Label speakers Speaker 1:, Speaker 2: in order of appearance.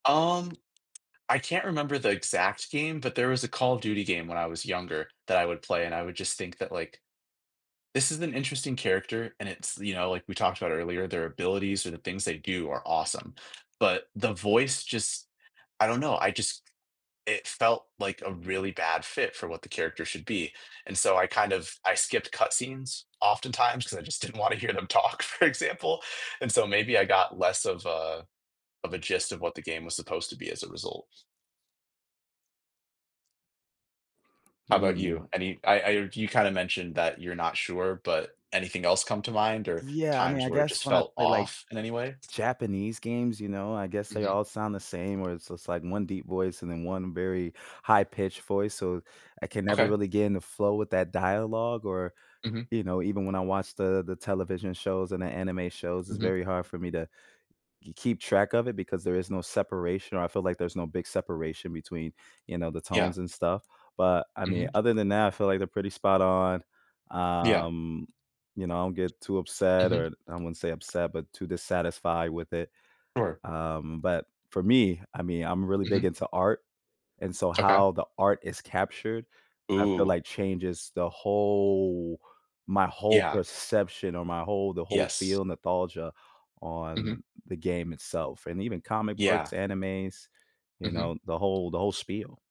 Speaker 1: Um, I can't remember the exact game, but there was a Call of Duty game when I was younger that I would play, and I would just think that, like, this is an interesting character, and it's you know, like we talked about earlier, their abilities or the things they do are awesome, but the voice just I don't know, I just it felt like a really bad fit for what the character should be, and so I kind of I skipped cut scenes, often times, ‘cause I just didn't wanna hear them talk, for example, and so maybe I got less of a of a gist of what the game was supposed to be as a result. How 'bout
Speaker 2: Mm.
Speaker 1: you? Any I I heard you kinda mentioned that you're not sure, but anything else come to mind, or
Speaker 2: Yeah, I mean,
Speaker 1: times
Speaker 2: I
Speaker 1: where it
Speaker 2: guess
Speaker 1: just
Speaker 2: when I
Speaker 1: felt
Speaker 2: play, like,
Speaker 1: off in any way?
Speaker 2: Japanese games, you know, I guess they
Speaker 1: Mhm.
Speaker 2: all sound the same, where it's just, like, one deep voice and then one very high-pitched voice, so I can never
Speaker 1: Okay.
Speaker 2: really get in the flow with that dialogue, or,
Speaker 1: Mhm.
Speaker 2: you know, even when I watch the the television shows and the anime shows, it's
Speaker 1: Mhm.
Speaker 2: very hard for me to k keep track of it, because there is no separation, or I feel like there's no big separation between, you know, the
Speaker 1: Yeah.
Speaker 2: tones and stuff, but, I mean,
Speaker 1: Mhm.
Speaker 2: other than that, I feel like they're pretty spot on.
Speaker 1: Yeah.
Speaker 2: Um, you know, I don't get too upset,
Speaker 1: Mhm.
Speaker 2: or I wouldn't say upset, but too dissatisfied with it.
Speaker 1: Sure.
Speaker 2: Um, but, for me, I mean, I'm really big
Speaker 1: Mhm.
Speaker 2: into art, and so
Speaker 1: Okay.
Speaker 2: how the art is captured, I feel
Speaker 1: Ooh.
Speaker 2: like changes the whole my whole
Speaker 1: Yeah.
Speaker 2: perception, or my whole the whole
Speaker 1: Yes.
Speaker 2: feel nostalgia on
Speaker 1: Mhm.
Speaker 2: the game itself, and even comic books,
Speaker 1: Yeah.
Speaker 2: animes, you
Speaker 1: Mhm.
Speaker 2: know, the whole the whole spiel.